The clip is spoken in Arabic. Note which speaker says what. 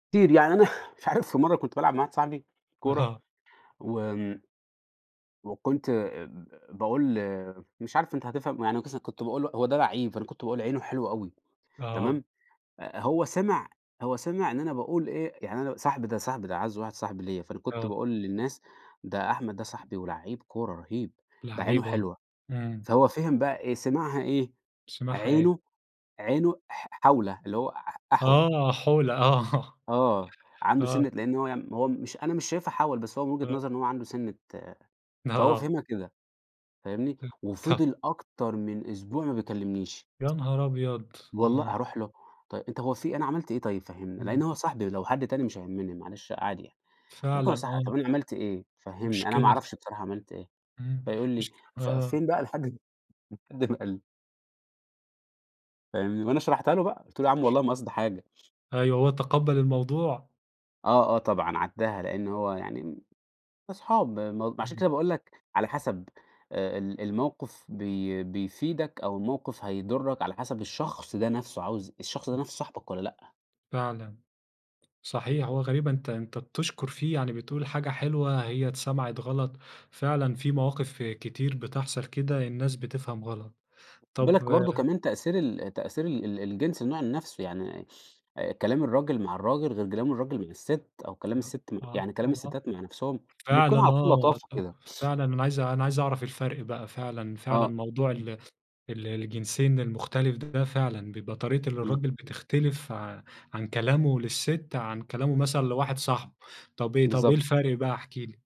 Speaker 1: كتير يعني أنا مش عارف في مَرّة كنت بالعب مع واحد صاحبي كورة
Speaker 2: آه.
Speaker 1: وآمم وكُنت آآ، ب باقول مش عارف أنت هتفهم يعني قِصة كنت باقول له هو ده لعيب، فأنا كنت باقول: "عينه حلوة أوي"،
Speaker 2: آه.
Speaker 1: تمام، أ هو سمع هو سمع إن أنا باقول إيه، يعني أنا صاحبي ده صاحبي ده أعز واحد صاحب ليّا، فأنا كنت
Speaker 2: آه.
Speaker 1: باقول للناس: "ده أحمد ده صاحبي ولعِّيب كورة رهيب، ده عينه
Speaker 2: لعِّيب آه،
Speaker 1: حلوة"،
Speaker 2: إمم.
Speaker 1: فهو فِهم بقى إيه، سمعها إيه؟
Speaker 2: سمعها إيه؟
Speaker 1: عينه عينه ح حَوله، اللي هو أح أحول.
Speaker 2: آه، حُولة آه،
Speaker 1: آه، عنده
Speaker 2: آه.
Speaker 1: سِنّة لأن هو م هو مش أنا مش شايفها حَول، بس هو من وجهة
Speaker 2: آه.
Speaker 1: نظره إن هو عنده سِنة فهو
Speaker 2: آه.
Speaker 1: فهمها كده، فاهمني،
Speaker 2: أيوة طب
Speaker 1: وفضل أكتر من أسبوع ما بيكلمنيش.
Speaker 2: يا نهار أبيض!
Speaker 1: والل
Speaker 2: آه.
Speaker 1: أروح له؟ طيب أنت هو في أنا عملت إيه طيب فهّمني، لأن
Speaker 2: إمم.
Speaker 1: هو صاحبي لو حد تاني مش هيهمني معلش عادي يعني، لكن
Speaker 2: فعلًا
Speaker 1: هو صاحبي، طب
Speaker 2: آه.
Speaker 1: أنا عملت إيه؟ فهّمني أنا ما
Speaker 2: مشكلة
Speaker 1: أعرفش
Speaker 2: فعلًا،
Speaker 1: بصراحة عملت إيه،
Speaker 2: إمم،
Speaker 1: فيقول لي
Speaker 2: مشك
Speaker 1: ف
Speaker 2: آه.
Speaker 1: فين بقى لحد لحد ما قال لي. فاهمني، وأنا شرحتها له بقى قُلت له: "ياعم والله ما قصدي حاجة.".
Speaker 2: أيوه هو تقبل الموضوع؟
Speaker 1: آه آه طبعًا عدّاها، لأنه هو يعني أصحاب م عشان
Speaker 2: إمم.
Speaker 1: كده باقول لك على حسب آآ، ال الموقف بي بيفيدك أو الموقف هيضرك على حسب الشخص ده نَفْسه، عاوز الشخص ده
Speaker 2: إمم.
Speaker 1: نَفْسه صاحبك والّا لأ؟
Speaker 2: فعلًا، صحيح، هو غريبة أنت أنت بتشكر فيه يعني، بتقول حاجة حلوة هي اتسمعت غلط، فعلًا في مواقف كتير بتحصل كده الناس بتفهم غلط،
Speaker 1: خد
Speaker 2: طب
Speaker 1: بالك برضو كمان تأثير ال تأثير ال ال الجنس النوع ال نَفْسه يعني، كلام الراجل مع الراجل غير كلام الراجل مع الست، أو كلام
Speaker 2: [unintelligible]
Speaker 1: الست مع
Speaker 2: آه،
Speaker 1: يعني كلام
Speaker 2: [unintelligible]
Speaker 1: الستات مع نَفْسهم بيكون على
Speaker 2: فعلًا
Speaker 1: طول
Speaker 2: آه،
Speaker 1: لطافة كده.
Speaker 2: فعلًا أنا عايز أنا عايز أعرف الفرق بقى فعلًا، فعلًا،
Speaker 1: آه،
Speaker 2: موضوع
Speaker 1: إمم.
Speaker 2: ال ال الجنسين المختلف ده فعلًا، بيبقى طريقة
Speaker 1: إمم.
Speaker 2: الرجل بتختلف ع عن كلامه للست عن كلامه مثلًا لواحد صاحبه، طب إيه طب إيه
Speaker 1: بالضبط.
Speaker 2: الفرق بقى احكِ لي؟